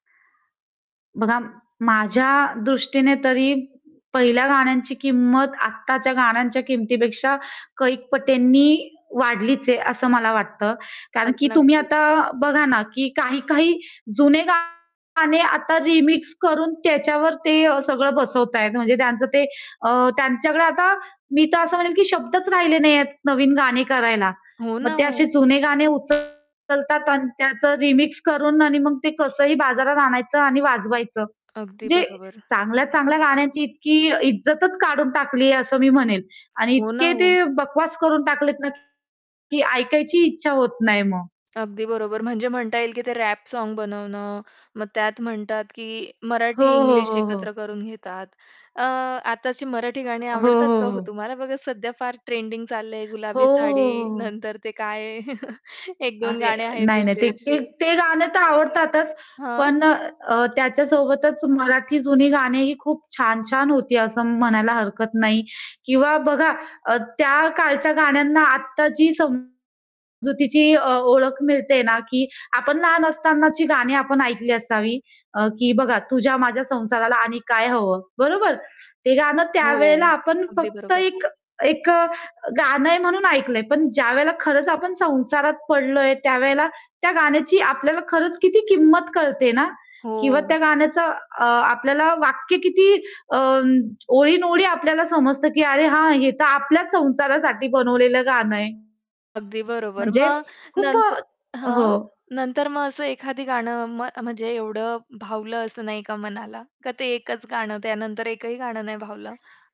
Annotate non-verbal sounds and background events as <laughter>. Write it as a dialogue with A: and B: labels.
A: बघा, माझ्या दृष्टीने तरी पहिल्या गाण्यांची किंमत आताच्या गाण्यांच्या किमतीपेक्षा कैक पटींनी वाढलीच आहे, असं मला वाटतं. कारण
B: अग
A: की तुम्ही
B: नक्कीच.
A: आता बघा ना, की काही-काही जुने गाणे आता रिमिक्स करून त्याच्यावर ते सगळं बसवत आहेत. म्हणजे त्यांच ते अ, त्यांच्याकडे आता मी तर असं म्हणेन, की शब्दच राहिले नाहीयेत नवीन गाणी करायला.
B: हो
A: मग
B: ना,
A: ते असे
B: ओ.
A: जुने गाणे उचलतात अन् त्याच रिमिक्स करून आणि मग ते कसंही बाजारात आणायचं आणि वाजवायचं.
B: अगदी
A: म्हणजे
B: बरोबर.
A: चांगल्या-चांगल्या गाण्याची इतकी इज्जतच काढून टाकली आहे असं मी म्हणेन आणि
B: हो
A: इतके
B: ना, ओ.
A: ते बकवास करून टाकलेत ना, की ऐकायची इच्छा होत नाही मग.
B: अगदी बरोबर. म्हणजे म्हणता येईल, की ते रॅप साँग बनवणं मग त्यात म्हणतात, की
A: हो,
B: मराठी
A: हो,
B: इंग्लिश
A: हो,
B: एकत्र
A: हो.
B: करून घेतात. अ, आत्ताची मराठी गाणी
A: हो,
B: आवडतात
A: हो,
B: का हो
A: हो.
B: तुम्हाला? बघा सध्या फार ट्रेंडिंग चाललंय,
A: हो,
B: गुलाबी
A: हो,
B: साडी
A: हो, हो.
B: नंतर ते काय आहे? <chuckles> 1-2
A: अरे,
B: गाणे आहेत
A: नाही, नाही.
B: असे
A: ते
B: अशी.
A: ते गाणं तर आवडतातच.
B: हां?
A: पण अ, त्याच्यासोबतच मराठी जुनी गाणी ही खूप छान-छान होती असं म्हणायला हरकत नाही किंवा बघा, अ, त्या काळच्या गाण्यांना आत्ता जी समजुतीची अ, ओळख मिळते ना, की आपण लहान असतानाची गाणी आपण ऐकली असावी, अ, की बघा तुझ्या माझ्या संसाराला आणि काय हवं? बरोबर. ते गाणं
B: हो,
A: त्यावेळेला आपण
B: अगदी
A: फक्त
B: बरोबर.
A: एक एक अ, गाणं आहे म्हणून ऐकलंय. पण ज्यावेळेला खरंच आपण संसारात पडलोय, त्यावेळेला त्या गाण्याची आपल्याला खरंच किती किंमत कळते ना? किंवा
B: हो.
A: त्या गाण्याचं अ, आपल्याला वाक्य किती अ, ओळींन-ओळी आपल्याला समजतं, की "अरे हां, हे तर आपल्याच संसारासाठी बनवलेलं गाणं आहे."
B: अगदी बरोबर.
A: म्हणजे
B: मग
A: खूप
B: नंत
A: अ हो.
B: हां, नंतर मग असं एखादं गाणं म म्हणजे एवढं भावलं असं नाही का मनाला का? ते एकच गाणं त्यानंतर एकही गाणं नाही भावलं.